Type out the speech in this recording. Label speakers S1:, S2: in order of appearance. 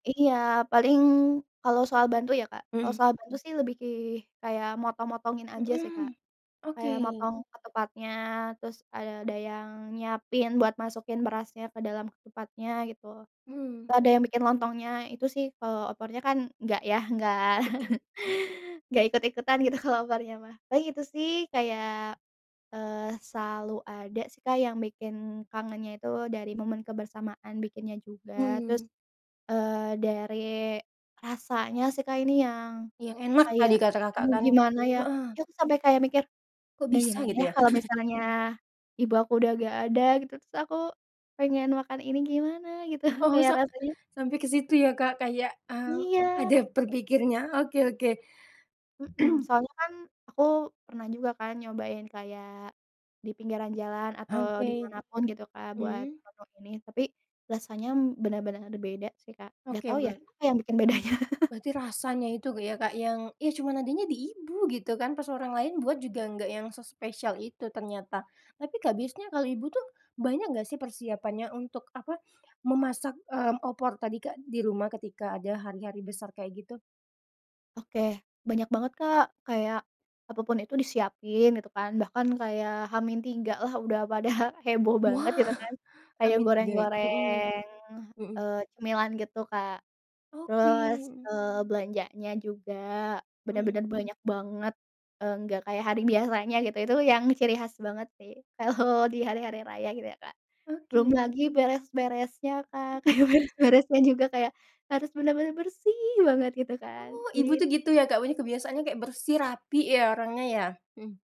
S1: Iya, paling kalau soal bantu ya Kak, kalau
S2: Mhm.
S1: soal bantu sih lebih ki kayak motong-motongin aja sih Kak,
S2: Mhm, oke.
S1: kayak motong ke tempatnya terus ada ada yang nyiapin buat masukin berasnya ke dalam tempatnya gitu,
S2: Mmm.
S1: ada yang bikin lontongnya itu sih kalau opornya kan enggak ya enggak enggak ikut-ikutan gitu kalau opornya mah paling itu sih kayak, eee, selalu ada sih Kak yang bikin kangennya itu dari momen kebersamaan bikinnya juga terus,
S2: Mmm.
S1: eee, dari, rasanya sih Kak ini yang
S2: Yang enak
S1: kayak
S2: tadi kata Kakak
S1: aduh
S2: kan,
S1: gimana ya
S2: heeh.
S1: kita itu sampai kayak mikir,
S2: Kok
S1: duh
S2: bisa
S1: gimana
S2: gitu
S1: ya
S2: ya?
S1: kalau misalnya ibu aku udah gak ada gitu terus aku, pengen makan ini gimana gitu
S2: Oh,
S1: kayak
S2: sa
S1: rasanya
S2: sampai ke situ ya Kak kayak, mmm,
S1: Iya.
S2: ada berpikirnya, oke oke.
S1: Mhm, soalnya kan aku pernah juga kan nyobain kayak, di pinggiran jalan atau di
S2: Oke,
S1: mana pun gitu Kak buat
S2: mmm.
S1: opor ini tapi, rasanya benar-benar beda sih Kak gak
S2: Oke,
S1: tau ya
S2: ber
S1: apa yang bikin bedanya.
S2: Berarti rasanya itu ya Kak yang ya cuman adanya di ibu gitu kan pas orang lain buat juga nggak yang sespesial itu ternyata. Tapi Kak biasanya kalau ibu tuh banyak nggak sih persiapannya untuk apa, memasak, mmm, opor tadi Kak di rumah ketika ada hari-hari besar kayak gitu?
S1: Oke, banyak banget Kak kayak, apa pun itu disiapin gitu kan bahkan kayak H min 3 lah udah pada heboh banget
S2: Wah,
S1: gitu kan,
S2: H
S1: kayak
S2: min tiga, mhm,
S1: goreng-goreng,
S2: mhm.
S1: eee, cemilan gitu Kak,
S2: Oke,
S1: terus,
S2: mhm.
S1: eee, belanjanya juga
S2: Mhm.
S1: bener-bener banyak banget, eee, nggak kayak hari biasanya gitu itu yang ciri khas banget sih kalau di hari-hari raya gitu ya Kak. Belum
S2: Oke.
S1: lagi beres-beresnya Kak kayak beres-beresnya juga kayak harus bener-bener bersih banget gitu kan.
S2: Oh, ibu
S1: Jadi
S2: tuh gitu ya Kak punya kebiasaannya kayak bersih rapi ya orangnya ya? Mhm.